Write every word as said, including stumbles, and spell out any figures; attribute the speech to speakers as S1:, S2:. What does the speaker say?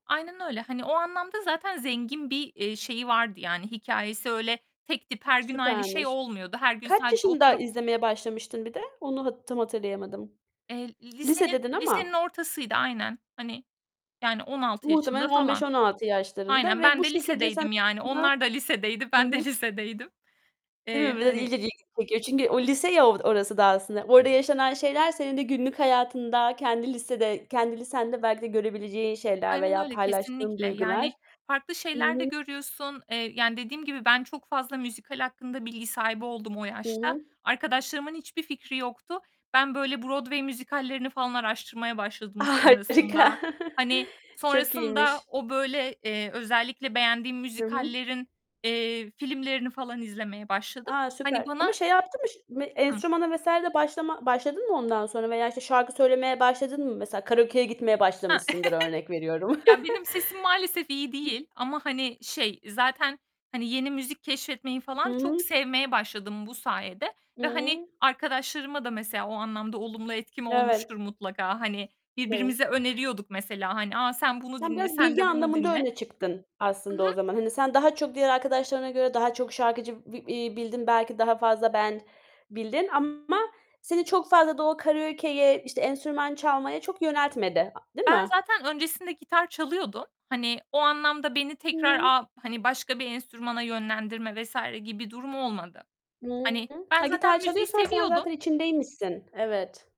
S1: Aynen öyle. Hani, o anlamda zaten zengin bir, eee, şeyi vardı yani hikâyesi. Öyle tek tip her gün aynı şey
S2: Süpermiş.
S1: olmuyordu. Her gün
S2: Kaç
S1: sadece
S2: yaşında
S1: oturup
S2: izlemeye başlamıştın bir de? Onu tam hatırlayamadım.
S1: Eee,
S2: Lise
S1: lisenin
S2: dedin
S1: lisenin
S2: ama
S1: ortasıydı aynen. Hani, yani on altı yaşında
S2: Muhtemelen on beş
S1: falan.
S2: on altı yaşlarında
S1: Aynen,
S2: ve
S1: ben
S2: bu
S1: de
S2: şekilde sen
S1: lisedeydim yani
S2: [unintelligible]
S1: onlar da lisedeydi,
S2: Hı
S1: ben
S2: hı.
S1: de lisedeydim.
S2: Değil
S1: Eee,
S2: mi? Biraz
S1: hani
S2: ileri. [unintelligible] Çünkü o lise ya o orası daha aslında. Orada yaşanan şeyler senin de günlük hayatında kendi lisede kendi lisende belki de görebileceğin şeyler
S1: Aynen
S2: veya
S1: öyle
S2: paylaştığın
S1: kesinlikle,
S2: duygular.
S1: yani farklı
S2: Hı
S1: şeyler de
S2: hı.
S1: görüyorsun. Eee, yani dediğim gibi ben çok fazla müzikal hakkında bilgi sahibi oldum o
S2: Hı
S1: yaşta.
S2: hı.
S1: Arkadaşlarımın hiçbir fikri yoktu. Ben böyle Broadway müzikallerini falan araştırmaya başladım sonrasında.
S2: Harika
S1: Hani,
S2: Çok
S1: sonrasında
S2: iyiymiş.
S1: o, böyle, eee, özellikle beğendiğim
S2: Hı hı.
S1: müzikallerin, eee, filmlerini falan izlemeye başladım.
S2: A!
S1: Hani
S2: Süper.
S1: bana
S2: Ama şey yaptın mı, ş
S1: Hı.
S2: enstrümana vs. de başlama başladın mı ondan sonra? Veya işte şarkı söylemeye başladın mı? Mesela karaokeye gitmeye
S1: He.
S2: başlamışsındır örnek veriyorum.
S1: Ya benim sesim maalesef iyi değil ama, hani şey, zaten hani yeni müzik keşfetmeyi
S2: Hı
S1: falan çok
S2: hı.
S1: sevmeye başladım bu sayede
S2: Hı
S1: ve, hani,
S2: hı.
S1: arkadaşlarıma da mesela o anlamda olumlu etkim
S2: Evet.
S1: olmuştur mutlaka. Hani,
S2: Evet.
S1: birbirimize öneriyorduk mesela. Hani, "A, sen bunu
S2: Sen
S1: dinle,
S2: biraz
S1: sen
S2: bilgi
S1: de bunu
S2: anlamında
S1: dinle."
S2: öne çıktın
S1: Hı
S2: aslında o
S1: hı.
S2: zaman. Hani sen daha çok diğer arkadaşlarına göre daha çok şarkıcı b iii, bildin belki daha fazla band bildin ama seni çok fazla da o karaokeye, işte enstrüman çalmaya çok yöneltmedi. A değil
S1: Ben
S2: mi?
S1: zaten öncesinde gitar çalıyordum. Hani, o anlamda beni
S2: Hı
S1: tekrar
S2: hı.
S1: a, hani, başka bir enstrümana yönlendirme vs. gibi bir durum olmadı.
S2: Hı
S1: Hani,
S2: hı.
S1: ben
S2: Ha,
S1: zaten
S2: gitar
S1: müziği
S2: çalıyorsan sen
S1: seviyordum.
S2: zaten içindeymişsin, evet.